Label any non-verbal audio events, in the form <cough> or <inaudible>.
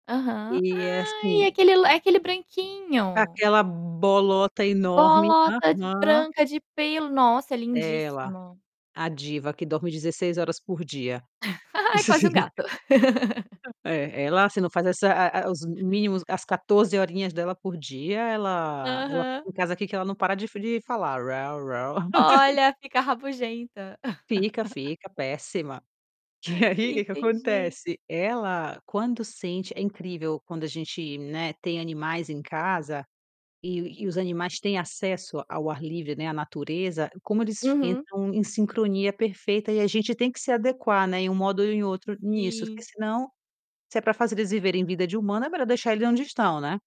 Aham, E é ai é assim aquele lá aquele branquinho. aquela bolota enorme. Bolota de Aham. branca de pelo! Nossa, Dela, lindíssimo. a diva que dorme 16 horas por dia. <chuckles> Ai, é quase um <laughs> gato. <laughs> É, ela, se não faz essa, eh eh eh, os mínimos as 14 horinhas dela por dia ela ela Aham. fica em casa aqui que ela não para de de falar: <laughs> Olha, fica rabugenta. Fica, <laughs> fica péssima. E aí que que Entendi. acontece? Ela quando sente é incrível quando a gente, né, tem animais em casa, e e os animais têm acesso ao ar livre, né, à natureza, como eles Uhum. entram em sincronia perfeita, e a gente tem que se adequar, né, em um modo ou em outro nisso, porque, Sim. senão, se é para fazer eles viverem vida de humano é melhor deixar eles onde estão, né?